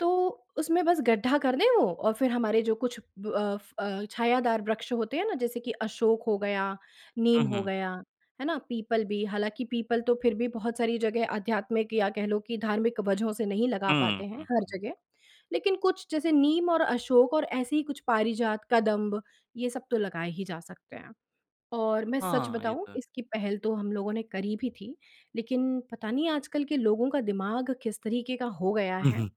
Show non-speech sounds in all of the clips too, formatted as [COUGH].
तो उसमें बस गड्ढा कर दें वो और फिर हमारे जो कुछ ब अफ़ अ, छायादार वृक्ष होते हैं ना, जैसे कि अशोक हो गया, नीम हुँ, हो हुँ। गया, है ना? पीपल भी, हालाँकि पीपल तो फिर भी बहुत सारी जगह आध्यात्मिक या कह लो कि धार्मिक वजहों से नहीं लगा हुँ, पाते हैं हुँ, हर हुँ। जगह। लेकिन कुछ जैसे नीम और अशोक और ऐसी ही कुछ पारिजात, कदम्ब, ये सब तो लगाए ही जा सकते हैं। और मैं सच हाँ, ये बताऊँ तो है। इसकी पहल तो हम लोगों ने करी भी थी, लेकिन पता नहीं आजकल के लोगों का दिमाग किस तरीके का हो गया है [CHUCKLES]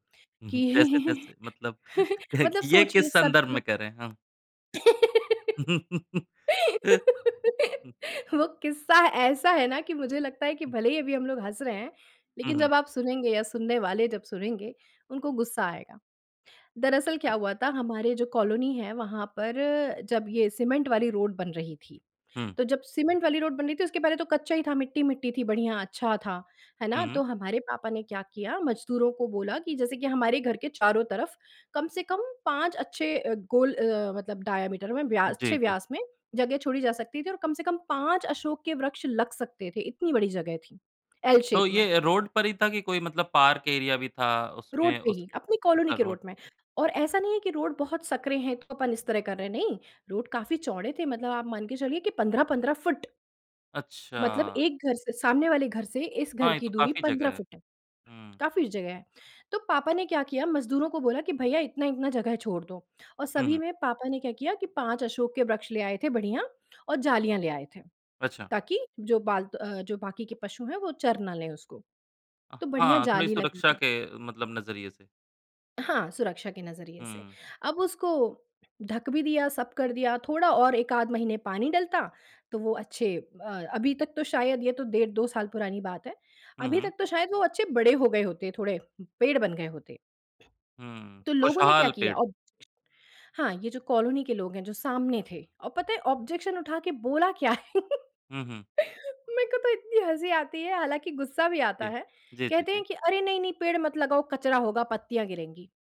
जैसे, कि जैसे मतलब [CHUCKLES] [CHUCKLES] मतलब ये सोचिए किस सब संदर्भ लोग में कह रहें? हाँ। [LAUGHS] [LAUGHS] वो किस्सा ऐसा है ना कि मुझे लगता है कि भले ही अभी हम लोग हँस रहे हैं, हुँ, लेकिन हुँ। जब आप सुनेंगे या सुनने वाले जब सुनेंगे, उनको गुस्सा आएगा। दरअसल अच्छा। क्या हुआ था, हमारे जो कॉलोनी है वहाँ पर जब ये सीमेंट वाली रोड बन रही थी। हुँ। तो जब सीमेंट वाली रोड बन रही थी, उसके पहले तो कच्चा ही था, मिट्टी-मिट्टी थी, बढ़िया अच्छा था। है हुँ, ना? हुँ। तो हमारे पापा ने क्या किया, मज़दूरों को बोला कि जैसे कि हमारे घर के चारों तरफ कम से कम 5 अच्छे अ, गोल अ, मतलब डायामीटर में व्यास जी, अच्छे जी। व्यास में जगह छोड़ी जा सकती थी और कम से कम 5 अशोक के वृक्ष लग सकते थे, इतनी बड़ी जगह थी एल तो शेप में। ये रोड पर ही था कि कोई मतलब पार्क एरिया भी था, रोड उसमें पे उस ही, अपनी कॉलोनी अच्छा, के रोड रोड पे। में। और ऐसा नहीं है कि रोड बहुत सकरे हैं तो अपन इस तरह कर रहे हैं, नहीं। रोड काफ़ी चौड़े थे मतलब आप मान के चलिए कि 15-15 फुट। मतलब अच्छा। एक घर से सामने वाले घर से इस घर हाँ, ये की तो दूरी काफ़ी 15 जगह है। फुट है, हुँ। काफ़ी जगह है। तो पापा ने क्या किया, मज़दूरों को बोला कि, "भैया, इतना-इतना जगह छोड़ दो।" और हुँ, सभी हुँ। में पापा ने क्या किया कि 5 अशोक के वृक्ष ले आए थे बढ़िया और जालियाँ ले आए थे। अच्छा। ताकि, जो बालतु अ, जो बाकी के पशु हैं वो चर ना लें उसको। अ, तो बढिया हाँ, थोड़ी जाली लगा सुरक्षा दी। के मतलब नज़रिये से। हाँ, सुरक्षा के नज़रिये से। हुँ। अब उसको ढ़क भी दिया, सब कर दिया, थोड़ा और 1 आध महीने पानी डलता तो वो अच्छे अ अभी तक तो शायद ये तो डेढ़ 2 साल पुरानी बात है। हुँ, अभी हुँ। तक तो शायद वो अच्छे बड़े हो गए होते थोड़े, पेड़ बन गए होते। हुँ, तो लोगों ने क्या खुशहाल किया पेड़। अब हाँ, ये जो कॉलोनी के लोग हैं, जो सामने थे। और पता है, ऑब्जेक्शन उठा के बोला क्या? [CHUCKLES] हुँ, हुँ। मेरे को तो इतनी हँसी आती है, हालाँकि गुस्सा भी आता जी, है। जी, जी, कहते जी। हैं कि, "अरे! नहीं, नहीं, पेड़ मत लगाओ, कचरा होगा, पत्तियाँ गिरेंगी।"